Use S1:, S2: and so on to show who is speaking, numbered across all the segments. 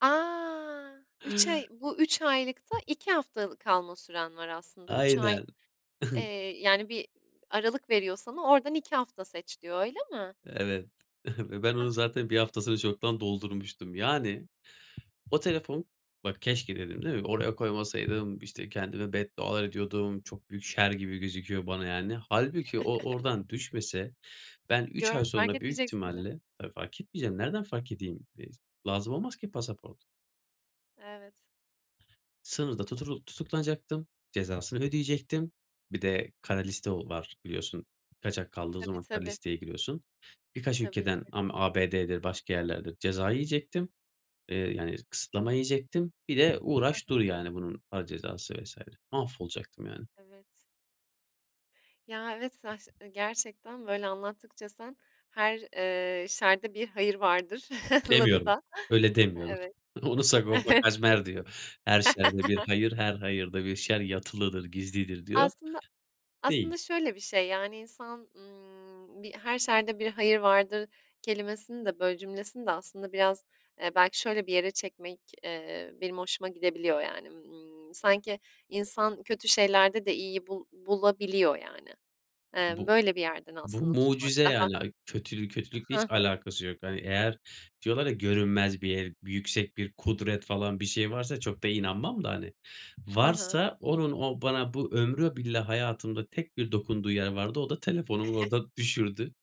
S1: A! 3 ay bu 3 aylıkta 2 haftalık kalma süren var aslında 3 ay
S2: Aynen.
S1: Eee, yani bir aralık veriyor sana oradan 2 hafta seç diyor, öyle mi?
S2: Evet. Ve ben
S1: A!
S2: onu zaten 1 haftasını çoktan doldurmuştum. Yani o telefon bak "keşke" dedim, değil mi? Oraya koymasaydım, işte, kendime beddualar ediyordum çok büyük şer gibi gözüküyor bana yani. Hâlbuki o oradan düşmese ben 3 ay
S1: Gör fark
S2: sonra büyük
S1: etmeyeceksin bile.
S2: ihtimalle Tabii, fark etmeyeceğim nereden fark edeyim [unintelligible] lazım olmaz ki pasaport.
S1: Evet.
S2: Sınırda tuturul tutuklanacaktım, cezasını ödeyecektim. Bir de kara liste ol var biliyorsun kaçak kaldığı
S1: Tabii,
S2: zaman kara
S1: tabii.
S2: listeye giriyorsun. Birkaç
S1: Tabii
S2: ülkeden
S1: ki.
S2: ama ABD'dir başka yerlerdir ceza yiyecektim. Eee, yani s kısıtlama yiyecektim. Bir de
S1: Hı
S2: uğraş
S1: hı.
S2: dur yani bunun para cezası vs. Mahvolacaktım yani.
S1: Evet Ya, evet saç ııı, gerçekten böyle anlattıkça sen her, eee, şerde bir hayır vardır lafı
S2: Demiyorum.
S1: da
S2: Öyle demiyorum.
S1: Evet.
S2: Onu Sagopa Kajmer diyor. "Her şerde bir hayır, her hayırda bir şer yatılıdır, gizlidir." diyor.
S1: Aslında,
S2: Değil.
S1: aslında şöyle bir şey yani insan, ımm, bir "her şerde bir hayır vardır" kelimesini de, böyle, cümlesini de aslında biraz, eee, belki şöyle bir yere çekmek, eee, benim hoşuma gidebiliyor yani, ımm, sanki insan kötü şeylerde de iyiyi bul bulabiliyor yani. Eee,
S2: Bu
S1: böyle bir yerden
S2: bu
S1: aslında tutmak
S2: mucize
S1: daha
S2: yani, a kötülük
S1: A
S2: kötülükle hiç
S1: Hı hı.
S2: alakası yok. Hani eğer diyorlar ya "görünmez bir e yüksek bir kudret falan bir şey varsa" çok da inanmam da hani
S1: Hı hı.
S2: varsa onun o bana bu ömrü billah hayatımda tek bir dokunduğu yer vardı. O da telefonumu orada düşürdü.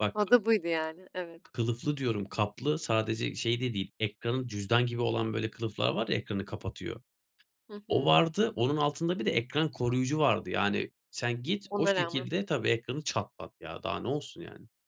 S2: Bak
S1: O da buydu yani, evet.
S2: K kılıflı diyorum kaplı sadece şeyde değil ekranın cüzdan gibi olan böyle kılıflar var ya ekranı kapatıyor.
S1: Hı
S2: O
S1: hı.
S2: vardı onun altında bir de ekran koruyucu vardı yani. Sen git o
S1: Ona rağmen
S2: şekilde Tabii, ekranı çatlattı ya daha ne olsun yani.